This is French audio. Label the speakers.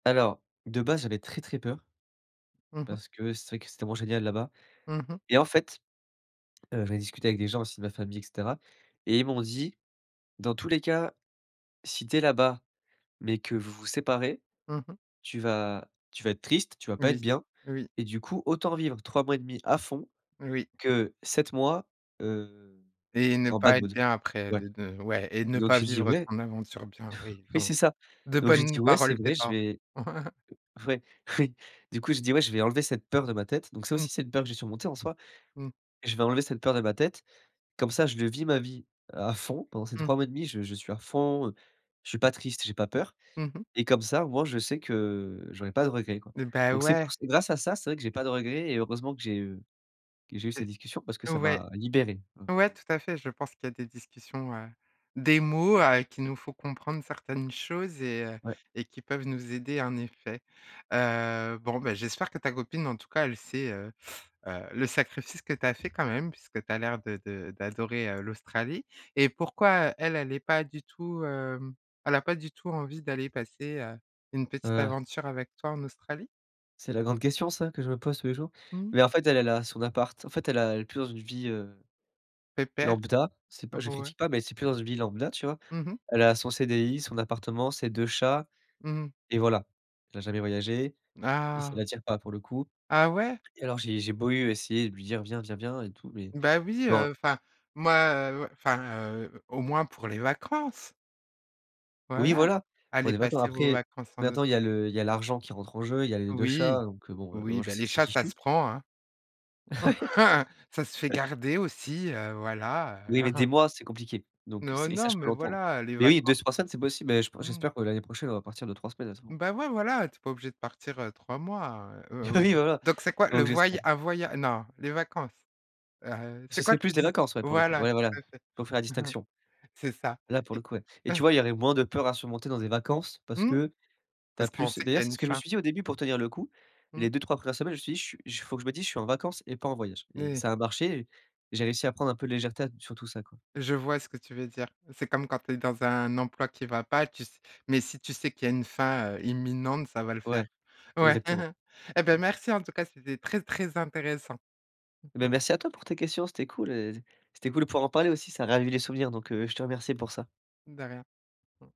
Speaker 1: Alors de base, j'avais très, très peur.
Speaker 2: Mmh mh.
Speaker 1: Parce que c'est vrai que c'est tellement génial là-bas,
Speaker 2: Mmh mh.
Speaker 1: et en fait, heu, j'en ai discuté avec des gens aussi de ma famille, et cetera, et ils m'ont dit: «Dans tous les cas, si tu es là-bas, mais que vous, vous séparez,
Speaker 2: Mmh mh.
Speaker 1: tu vas tu vas être triste, tu vas pas être
Speaker 2: Oui.
Speaker 1: bien
Speaker 2: Oui
Speaker 1: et du coup autant vivre 3 mois et 1/2 à fond
Speaker 2: Oui.
Speaker 1: que 7 mois, heu,
Speaker 2: Et ne
Speaker 1: en bad
Speaker 2: pas être
Speaker 1: mood.»
Speaker 2: bien après,
Speaker 1: Ouais,
Speaker 2: de de ouais et ne
Speaker 1: donc
Speaker 2: pas
Speaker 1: j'ai dit:
Speaker 2: vivre
Speaker 1: «Ouais.»
Speaker 2: ton aventure bien, oui.
Speaker 1: Oui
Speaker 2: Ton
Speaker 1: c'est ça,
Speaker 2: de
Speaker 1: donc j'ai dit:
Speaker 2: bonnes
Speaker 1: «Ouais c'est
Speaker 2: paroles, tes
Speaker 1: vrai, je
Speaker 2: parents.
Speaker 1: vais» ouais, oui. Du coup j'ai dis: «Ouais, je vais enlever cette peur de ma tête», donc ça aussi
Speaker 2: Mmh.
Speaker 1: c'est une peur que j'ai surmontée en soi.
Speaker 2: Mmh.
Speaker 1: «Je vais enlever cette peur de ma tête, comme ça je vis ma vie à fond pendant ces
Speaker 2: Mmh.
Speaker 1: 3 mois et 1/2 je je suis à fond, heu, je suis pas triste, j'ai pas peur,
Speaker 2: Mmh mh.
Speaker 1: et comme ça, au moins, je sais que j'aurais pas de regrets quoi»,
Speaker 2: Et bah
Speaker 1: donc c'est pou
Speaker 2: ouais.
Speaker 1: c'est grâce à ça, c'est vrai que j'ai pas de regrets et heureusement que j'ai, heu, que j'ai eu cette
Speaker 2: C'est
Speaker 1: discussion. Parce que ça
Speaker 2: ouais,
Speaker 1: m'a libéré.
Speaker 2: ouais tout à fait, je pense qu'il y a des discussions, heu, des mots, heu, qui nous font comprendre certaines choses et heu
Speaker 1: Ouais.
Speaker 2: et qui peuvent nous aider en effet. Heu, bon bah, j'espère que ta copine en tout cas, elle sait, heu heu, le sacrifice que tu as fait quand même. Puisque tu as l'air de de d'adorer, heu, l'Australie, et pourquoi, heu, elle est pas du tout, hem, elle a pas du tout envie d'aller passer, heu, une
Speaker 1: Ouais,
Speaker 2: petite
Speaker 1: ouais.
Speaker 2: aventure avec toi en Australie?
Speaker 1: C'est la grande question ça, que je me pose tous les jours,
Speaker 2: Mmh.
Speaker 1: mais en fait elle, elle a son appart, en fait elle a elle est plus dans une vie, heu,
Speaker 2: Pépère.
Speaker 1: lambda. C'est pas je
Speaker 2: Ouais.
Speaker 1: critique pas, mais c'est plus dans une vie lambda, tu vois?
Speaker 2: Mmh mh.
Speaker 1: Elle a son cdi, son appartement, ses 2 chats,
Speaker 2: Mmh mh.
Speaker 1: et voilà. Elle a jamais voyagé et ça
Speaker 2: Ah!
Speaker 1: l'attire pas pour le coup,
Speaker 2: Ah ouais?
Speaker 1: et alors j'ai j'ai beau eu essayer de lui dire: «Viens, viens, viens» et tout mais
Speaker 2: Bah oui,
Speaker 1: non.
Speaker 2: heu, enfin moi enfin, heu, au moins pour les vacances.
Speaker 1: Oui
Speaker 2: Voilà,
Speaker 1: voilà, on
Speaker 2: allez
Speaker 1: est d'accord.
Speaker 2: passer vos
Speaker 1: Après,
Speaker 2: vacances en
Speaker 1: maintenant il y
Speaker 2: Austr
Speaker 1: a le il y a l'argent qui rentre en jeu, il y a les 2
Speaker 2: Oui.
Speaker 1: chats, donc heu, bon, maintenant
Speaker 2: Oui,
Speaker 1: je
Speaker 2: bah,
Speaker 1: sais que
Speaker 2: les
Speaker 1: c'est
Speaker 2: chats ça
Speaker 1: fichu.
Speaker 2: se prend, hein. Ça se fait
Speaker 1: Ouais.
Speaker 2: garder aussi, heu, voilà, heu.
Speaker 1: Oui, mais des mois, c'est compliqué, donc
Speaker 2: Non,
Speaker 1: c'est et ça
Speaker 2: non,
Speaker 1: je peux
Speaker 2: mais
Speaker 1: l'entendre,
Speaker 2: voilà, les
Speaker 1: mais oui, 2 s
Speaker 2: vacances.
Speaker 1: 3 semaines, c'est possible, mais je p
Speaker 2: Mmh.
Speaker 1: j'espère que l'année prochaine, on va partir 2-3 semaines. [unintelligible]
Speaker 2: Bah ouais voilà, tu es pas obligé de partir, heu, 3 mois, heu, heu,
Speaker 1: Bah,
Speaker 2: ou
Speaker 1: oui voilà,
Speaker 2: donc c'est quoi le
Speaker 1: donc
Speaker 2: voya
Speaker 1: j'espère.
Speaker 2: un voya non les vacances, heu heu, c'est
Speaker 1: Ce
Speaker 2: quoi
Speaker 1: serait
Speaker 2: tu
Speaker 1: plus des
Speaker 2: dis
Speaker 1: vacances, ouais, pour le coup.
Speaker 2: Voilà,
Speaker 1: Ouais voilà,
Speaker 2: tout à
Speaker 1: il
Speaker 2: fait.
Speaker 1: faut faire la distinction.
Speaker 2: C'est ça,
Speaker 1: Là pour le
Speaker 2: et
Speaker 1: coup, ouais, et tu vois il y aurait moins de peur à surmonter dans des vacances, parce
Speaker 2: Mmh,
Speaker 1: que tu as
Speaker 2: parce qu'on
Speaker 1: plus
Speaker 2: sait qu'il
Speaker 1: d'ailleurs
Speaker 2: y a
Speaker 1: c'est ce
Speaker 2: une
Speaker 1: que je me
Speaker 2: fin.
Speaker 1: suis dit au début pour tenir le coup, les
Speaker 2: Mmh.
Speaker 1: 2-3 premières semaines, je me suis dit: «Chu j faut que je me dise, je suis en vacances et pas en voyage»
Speaker 2: N
Speaker 1: et
Speaker 2: oui.
Speaker 1: ça a marché et j'ai réussi à prendre un peu de légèreté a t sur tout ça, quoi.
Speaker 2: Je vois ce que tu veux dire. C'est comme quand tu es dans un emploi qui va pas, tu s mais si tu sais qu'il y une fin, heu, imminente, ça va le
Speaker 1: Ouais
Speaker 2: faire. Ouais,
Speaker 1: exactement.
Speaker 2: et beh merci en tout cas, c'était très très intéressant.
Speaker 1: Et bah merci à toi pour tes questions, c'était cool, et c'était cool de pouvoir en parler aussi, ça a ravivé les souvenirs donc heu, je te remercie pour ça.
Speaker 2: De rien. Mmh.